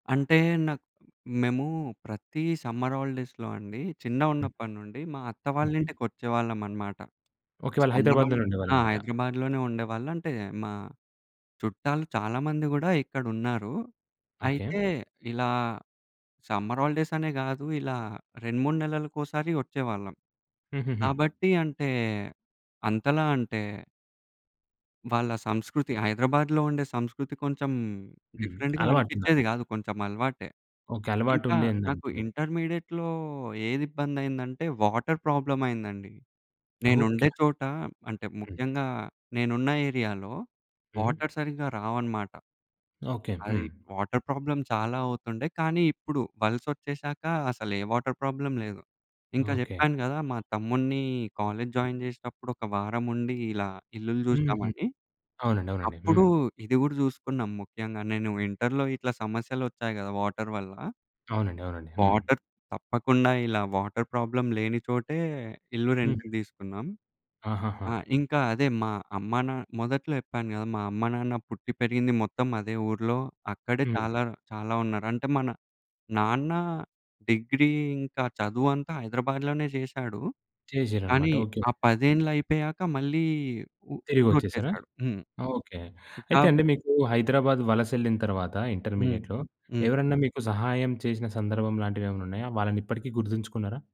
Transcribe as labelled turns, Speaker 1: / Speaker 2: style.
Speaker 1: అంటే నాక్ మేము ప్రతి సమ్మర్ హాలిడేస్‌లో అండి,
Speaker 2: హ్మ్.
Speaker 1: చిన్నగున్నప్పటి నుండి, మా అత్త వాళ్ళ
Speaker 2: హుహు.
Speaker 1: ఇంటికొచ్చేవాళ్ళం అనమాట.
Speaker 2: ఓకే.
Speaker 1: ఈ
Speaker 2: వాళ్ళు
Speaker 1: సమ్మర్
Speaker 2: హైదరాబాద్‌‌లోనే
Speaker 1: హాలిడేస్ ఆ!
Speaker 2: ఉండేవాలన్నమాట.
Speaker 1: హైదరాబాద్‌లోనే ఉండేవాళ్ళు. అంటే మా చుట్టాలు చాలామంది గూడా, ఇక్కడున్నారు.
Speaker 2: ఓకే.
Speaker 1: అయితే ఇలా సమ్మర్ హాలిడేస్ అనే గాదు, ఇలా 2, 3 నెలలకోసారి వచ్చేవాళ్ళం.
Speaker 2: హుహుహు.
Speaker 1: కాబట్టి అంటే అంతలా అంటే వాళ్ళ సంస్కృతి,
Speaker 2: హ్మ్.
Speaker 1: హైదరాబాద్‌లో ఉండే సంస్కృతి కొంచెం
Speaker 2: హ్మ్.
Speaker 1: డిఫరెంట్‌గా
Speaker 2: అలవాటు
Speaker 1: అనిపిచ్చేది
Speaker 2: ఉందన్నమాట.
Speaker 1: గాదు, కొంచెం అలవాటే.
Speaker 2: ఓకే. అలవాటు
Speaker 1: ఇంకా
Speaker 2: ఉండేదండి.
Speaker 1: నాకు ఇంటర్మీడియేట్‌లో ఏది ఇబ్బంది అయిందంటే, వాటర్ ప్రాబ్లమ్ అయిందండి.
Speaker 2: ఓకే.
Speaker 1: నేనుండే చోట, అంటే
Speaker 2: హ్మ్.
Speaker 1: ముఖ్యంగా నేనున్న ఏరియా‌లో
Speaker 2: హ్మ్.
Speaker 1: వాటర్ సరిగ్గా రావన్నమాట.
Speaker 2: ఓకే.
Speaker 1: అది.
Speaker 2: హ్మ్.
Speaker 1: వాటర్ ప్రాబ్లమ్ చాలా అవుతుండే. కానీ ఇప్పుడు వలసొచ్చేసాక అసలు ఏ వాటర్ ప్రాబ్లమ్ లేదు. ఇంకా
Speaker 2: ఓకే.
Speaker 1: చెప్పాను కదా! మా తమ్ముడిని కాలేజ్
Speaker 2: హ్మ్.
Speaker 1: జాయిన్ చేసేటప్పుడు, ఒక వారం ఉండి, ఇలా ఇల్లులు
Speaker 2: హుహు.
Speaker 1: జూసినామని.
Speaker 2: అవునండి. అవునండి.
Speaker 1: అప్పుడు
Speaker 2: హ్మ్.
Speaker 1: ఇది కూడా చూసుకున్నాం ముఖ్యంగా. నేను ఇంటర్‌లో ఇట్లా సమస్యలొచ్చాయి కదా! వాటర్ వల్ల.
Speaker 2: అవునండి. అవునండి. హ్మ్.
Speaker 1: వాటర్ తప్పకుండా ఇలా వాటర్ ప్రాబ్లమ్‌ లేనిచోటే, ఇల్లు
Speaker 2: హ్మ్.
Speaker 1: రెంట్‌కి దీసుకున్నాం.
Speaker 2: ఆహాహా!
Speaker 1: ఆ! ఇంకా అదే మా అమ్మ నా మొదట్లో చెప్పాను కదా! మా అమ్మా, నాన్న పుట్టి పెరిగింది మొత్తం అదే ఊరిలో. అక్కడే
Speaker 2: హ్మ్.
Speaker 1: చాలా, చాలా ఉన్నారు. అంటే మన నాన్న డిగ్రీ ఇంకా చదువంతా హైదరాబాద్‌‌లోనే చేసాడు. కానీ
Speaker 2: చేసారన్నమాట. ఓకే.
Speaker 1: ఆ
Speaker 2: హ్మ్.
Speaker 1: 10 ఏండ్లు అయిపోయాక మళ్ళీ ఊ ఊరు
Speaker 2: తిరిగొచ్చేసారా!
Speaker 1: వచ్చేసాడు. హ్మ్.
Speaker 2: ఓకే. అయితే అండి,
Speaker 1: కాబట్టి
Speaker 2: మీకు హైదరాబాద్ వలస యెళ్ళిన తర్వాత
Speaker 1: హ్మ్.
Speaker 2: ఇంటర్మీడియేట్‌లో
Speaker 1: హ్మ్.
Speaker 2: ఎవరన్నా మీకు సహాయం చేసిన సందర్భం లాంటివేమన్నా ఉన్నాయా? వాళ్ళని ఇప్పటికీ గుర్తుంచుకున్నారా?